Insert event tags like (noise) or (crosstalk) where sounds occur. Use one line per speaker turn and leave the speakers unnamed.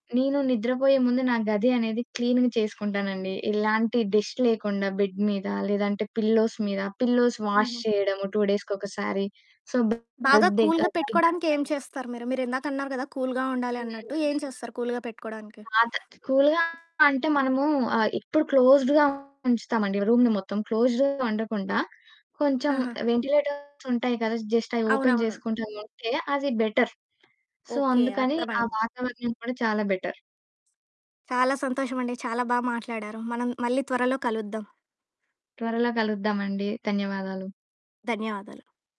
నేను నిద్రపోయే ముందు నా గది అనేది క్లీన్‌గ చేసుకుంటాను అండి. ఎలాంటి డస్ట్ లేకుండా బెడ్ మీద, లేదంటే పిల్లోస్ మీద, పిల్లోస్ వాష్
హుహు,
చేయడం. 2
హ్మ్.
డేస్‌కి ఒకసారి సో
బాగా కూల్‌గా
(unintelligible)
పెట్టుకోవడానికి ఏం చేస్తారు మీరు? మీరు ఇందాక అన్నారు కదా! కూల్‌గా ఉండాలి అన్నట్టు.
హుహుహు.
ఏం చేస్తారు కూల్‌గా పెట్టుకోవడానికి?
పాత కూల్‌గా అంటే మనము ఆహ్, ఇప్పుడు క్లోజ్డ్‌గా ఉంచుతాము అండి రూమ్‌ని మొత్తం. క్లోజ్డ్‌గా ఉండకుండా, కొంచెం
ఆహా!
వెంటిలేటర్స్ ఉంటాయి కదా, జస్ట్ అయి ఓపెన్
అవునవును.
చేసుకుంటా ఉంటే, అది బెటర్. So,
okay.
అందుకని ఆ
అర్థమైంది.
వాతావరణం కూడా చాలా బెటర్.
చాలా సంతోషం అండి. చాలా బా మాట్లాడారు. మనం మళ్ళీ త్వరలో కలుద్దాం.
త్వరలో కలుద్దాం అండి. ధన్యవాదాలు.
ధన్యవాదాలు.